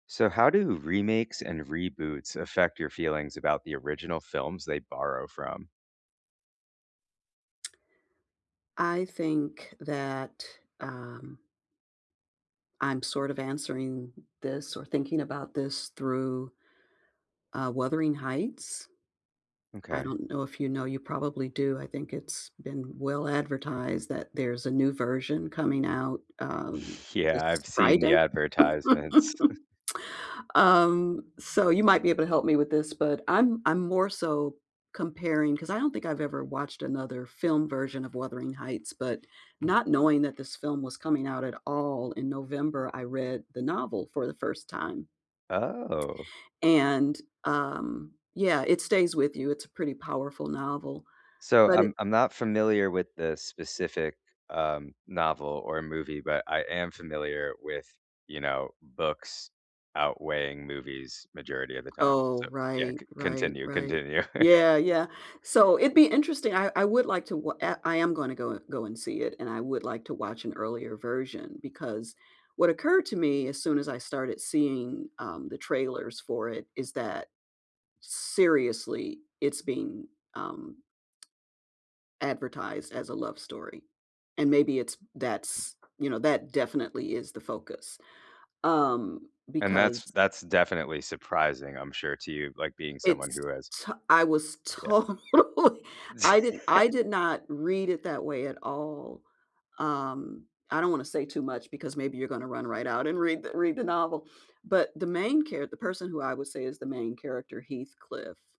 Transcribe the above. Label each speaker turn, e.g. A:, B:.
A: So how do remakes and reboots affect your feelings about the original films they borrow from?
B: I think that, um I'm sort of answering this or thinking about this through, uh, Wuthering Heights. I
A: Okay.
B: don't know if you know, you probably do. I think it's been well advertised that there's a new version coming out, um,
A: Yeah, I've
B: this
A: seen the
B: Friday.
A: advertisements.
B: Um, so you might be able to help me with this, but I'm I'm more so comparing 'cause I don't think I've ever watched another film version of Wuthering Heights, but not knowing that this film was coming out at all in November, I read the novel for the first time.
A: Oh.
B: And, um, yeah, it stays with you. It's a pretty powerful novel,
A: So
B: but it
A: I'm I'm not familiar with the specific, um, novel or movie, but I am familiar with, you know, books outweighing movies majority of the time,
B: Oh,
A: so, yeah,
B: right,
A: c
B: right,
A: continue,
B: right.
A: continue.
B: Yeah, yeah. So, it'd be interesting, I I would like to wa I I am gonna go go and see it and I would like to watch an earlier version because what occurred to me as soon as I started seeing, um, the trailers for it is that, seriously, it's being, um advertised as a love story, and maybe it's that's, you know, that definitely is the focus, um,
A: And that's
B: because
A: that's definitely surprising, I'm sure, to you, like, being someone
B: It's,
A: who has
B: to I was
A: Yeah.
B: totally, I didn't I did not read it that way at all, um, I don't wanna say too much because maybe you're going to run right out and read the read the novel, but, the main char the person who I would say is the main character, Heathcliff